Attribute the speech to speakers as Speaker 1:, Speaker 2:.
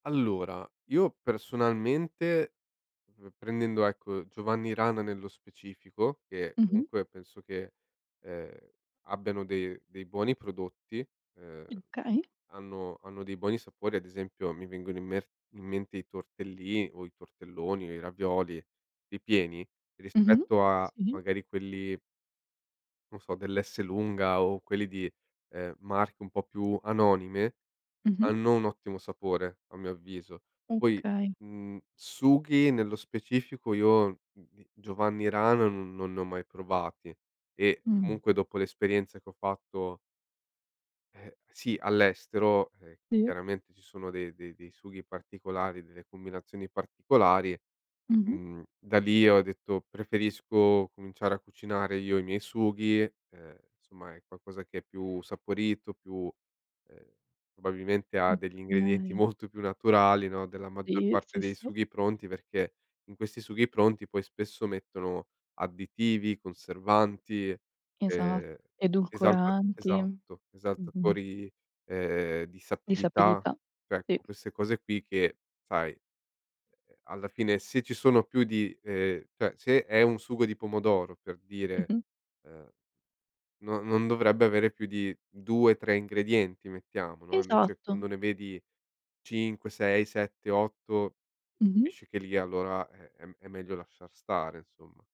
Speaker 1: Allora, io personalmente, uhm, prendendo, ecco, Giovanni Rana nello specifico, che
Speaker 2: Mh-mh.
Speaker 1: comunque penso che, ehm, abbiano de dei buoni prodotti, ehm,
Speaker 2: Okay.
Speaker 1: hanno hanno dei buoni sapori, ad esempio mi vengono in mer in mente i tortelli o i tortelloni o i ravioli, ripieni,
Speaker 2: Mh-mh.
Speaker 1: rispetto a
Speaker 2: Sì.
Speaker 1: magari quelli non so dell'Esselunga o quelli di, ehm, marche un po' più anonime
Speaker 2: Mh-mh.
Speaker 1: hanno un ottimo sapore, a mio avviso. Poi,
Speaker 2: Okay.
Speaker 1: mhmm, sughi nello specifico io, mhmm, i Giovanni Rana no non li ho mai provati e
Speaker 2: Mh.
Speaker 1: comunque dopo l'esperienza che ho fatto ehm, sì, all'estero, eh,
Speaker 2: Sì.
Speaker 1: chiaramente ci sono dei dei dei sughi particolari, delle combinazioni particolari,
Speaker 2: Mh-mh.
Speaker 1: mhmm, da lì ho detto: "Preferisco cominciare a cucinare io i miei sughi." Ehm, insomma è qualcosa che è più saporito, più ehm, probabilmente ha degli ingredienti
Speaker 2: Okay.
Speaker 1: molto più naturali, no, della maggior
Speaker 2: Sì,
Speaker 1: parte
Speaker 2: sì,
Speaker 1: dei
Speaker 2: sì.
Speaker 1: sughi pronti perché in questi sughi pronti poi spesso mettono additivi, conservanti,
Speaker 2: Esa
Speaker 1: ehm, esalta
Speaker 2: edulcoranti.
Speaker 1: esatto,
Speaker 2: Mh-mh.
Speaker 1: esaltatori, ehm, di
Speaker 2: Di
Speaker 1: sapidità.
Speaker 2: sapidità,
Speaker 1: Cioè,
Speaker 2: sì.
Speaker 1: ecco, queste cose qui che sai ehm, ehm, alla fine se ci sono più di ehm, cioè se è un sugo di pomodoro per dire,
Speaker 2: Mh-mh.
Speaker 1: ehm, non non dovrebbe avere più di 2, 3 ingredienti mettiamo, no, invece
Speaker 2: Esatto.
Speaker 1: quando ne vedi 5, 6, 7, 8,
Speaker 2: Mh-mh.
Speaker 1: capisci che lì allora, eh, è m è meglio lasciar stare insomma.